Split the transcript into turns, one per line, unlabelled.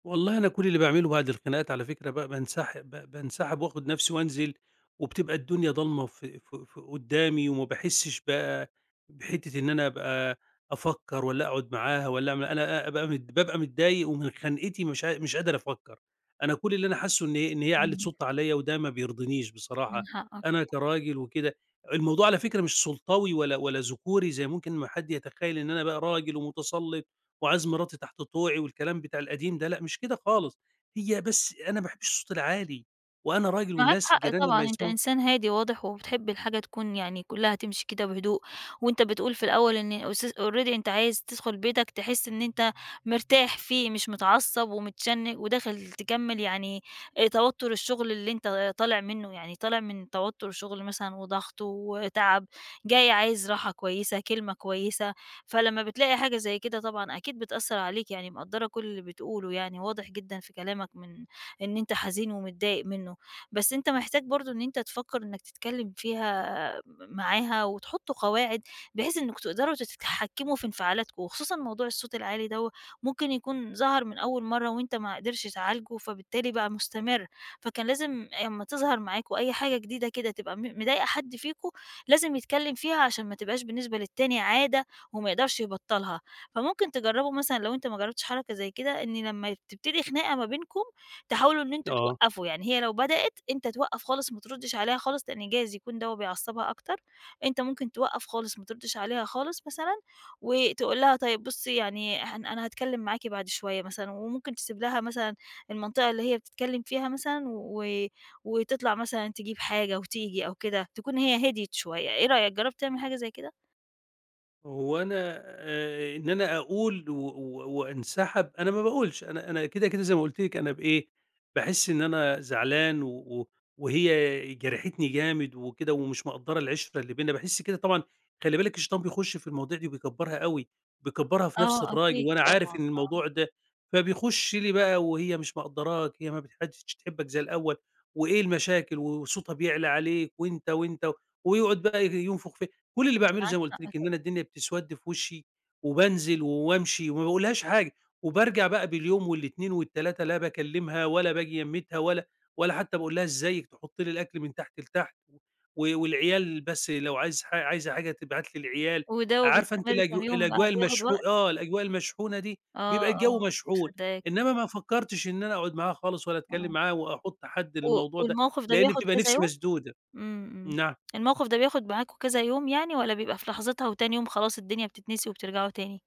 والله أنا كل اللي باعمله بعد الخناقات على فكرة بقى بانسحب ب بانسحب وآخد نفسي وانزل، وبتبقى الدنيا ضلمة ف ف ف قدامي وما باحسش بقى بحتّه إن أنا أبقى افكر والّا أقعد معاها والّا م أنا أ أ أبقى ب بابقى متضايق ومن خنقتي مش ع مش قادر أفكر، أنا كل اللي أنا حاسه إني ه إن هي علّت
إمم.
صوتها عليّا وده ما بيرضنيش
من
بصراحة،
حقك ط
أنا كراجل وكده الموضوع على فكرة مش سلطوي ولا ولا ذكوري زي ممكن ما حد يتخيل إن أنا بقى راجل ومتسلط وعايز مراتي تحت طوعي والكلام بتاع القديم ده، لأ مش كده خالص، هي بس أنا ما باحبش الصوت العالي وأنا راجل
معاك
والناس
حق
الجيران
طبعًا،
لمّا
أنت
يسمعوا
انسان هادي وواضح، وبتحب الحاجة تكون يعني كلها تمشي كده بهدوء، وأنت بتقُول في الأول إن اس already أنت عايز تدخل بيتك تحس إن أنت مرتاح فيه، مش متعصب ومتشن وداخل تكمل يعني آآ، توتر الشغل اللي أنت طالع منه يعني طالع من توتر شغل مثلًا وضغط وتعب جاي عايز راحة كويسة، كلمة كويسة، فلمّا بتلاقي حاجة زي كده طبعًا أكيد بتأثر عليك، يعني مقدّرة كل اللي بتقُوله يعني واضح جدًا في كلامك من إن أنت حزين ومتضايق منه. بس أنت محتاج برضه إن أنت تفكر إنك تتكلم فيها م معاها وتحطوا قواعد، بحيث إنكم تقدروا ت تتحكموا في انفعالاتكم، وخصوصًا موضوع الصوت العالي دوّة ممكن يكون ظهر من أول مرة وأنت ما قدرش تعالجه فبالتالي بقى مستمر، فكان لازم أمّا تظهر معاكم أي حاجة جديدة كده تبقى م مضايقة حد فيكم لازم يتكلم فيها، عشان ما تبقاش بالنسبة للتاني عادة وما يقدرش يبطّلها. فممكن تجربوا مثلًا لو أنت ما جربتش حركة زي كده إن لمّا تبتدي خناقة ما بينكم تحاولوا إن أنتم
آه.
توقفوا، يعني هي لو بدأت أنت توقّف خالص وما تردش عليها خالص، لأن جايز يكون دوّة بيعصبها أكتر، أنت ممكن توقّف خالص وما تردش عليها خالص مثلًا، وتقُول لها طيب بُصي يعني احن أنا هاتكلم معاكِ بعد شوية مثلًا، وممكن تسيب لها مثلًا المنطقة اللي هي بتتكلم فيها مثلًا و وتطلع مثلًا تجيب حاجة وتيجي أو كده، تكون هي هديت شوية، إيه رأيك، جربت تعمِل حاجة زي كده؟
وأنا آآ، إن أنا أقُول و و وانسحب، أنا ما باقولش، أنا أنا كده كده زي ما قُلت لِك، أنا بإيه، باحس إن أنا زعلان و و وهي جرحتني جامد وكده ومش مقدّرة العِشّرة اللي بيننا، باحس كده طبعًا خلي بالِك الشيطان بيخش في المواضيع دي و بيكبرها أوي بيكبرها في نِفس
آه،
الراجل،
أكيد،
وأنا عارف
طبعًا،
إن
آه.
الموضوع ده، فبيخش لي بقى وهي مش مقدّراك هي متح ما بقتش تحبك زي الأول وإيه المشاكل و وصوتها بيعلى عليك وأنت وأنت ويقعد بقى ينفخ ف كل اللي
أنت
باعمله زي
معاك
ما قُلت
حق
لِك إن
طبعًا.
أنا الدنيا بتسود في وشّي، وبانزل وامشي وما باقولهاش حاجة، وبارجع بقى باليوم وال2 وال3 لا باكلمها ولا باجي يميتها ولا ولا حتى باقُول لها إزيك، تحط لي الأكل من تحت لتحت و والعيال بس لو عايز حا عايزة حاجة تبعت لي العيال،
وده
عارفة أنتِ
وبيستمر
الأج
كام يوم بقى،
الأجواء
بياخد
المشحو
وقت؟
آه، الأجواء المشحونة دي
آه،
بيبقى الجو
آه،
مشحون،
مصدقاك.
إنما ما فكرتش إن أنا أقعد معاها خالص ولا أتكلم
آه.
معاها واحط حد
قو
للموضوع ده،
والموقِف ده
لإن
بياخد
بتبقى
كذا
نِفسي
يوم؟
مسدودة،
إمم، إمم،
نعم؟
الموقِف ده بياخد معاكم كذا يوم يعني والّا بيبقى في لحظتها وتاني يوم خلاص، الدنيا بتتنسي وبترجعوا تاني؟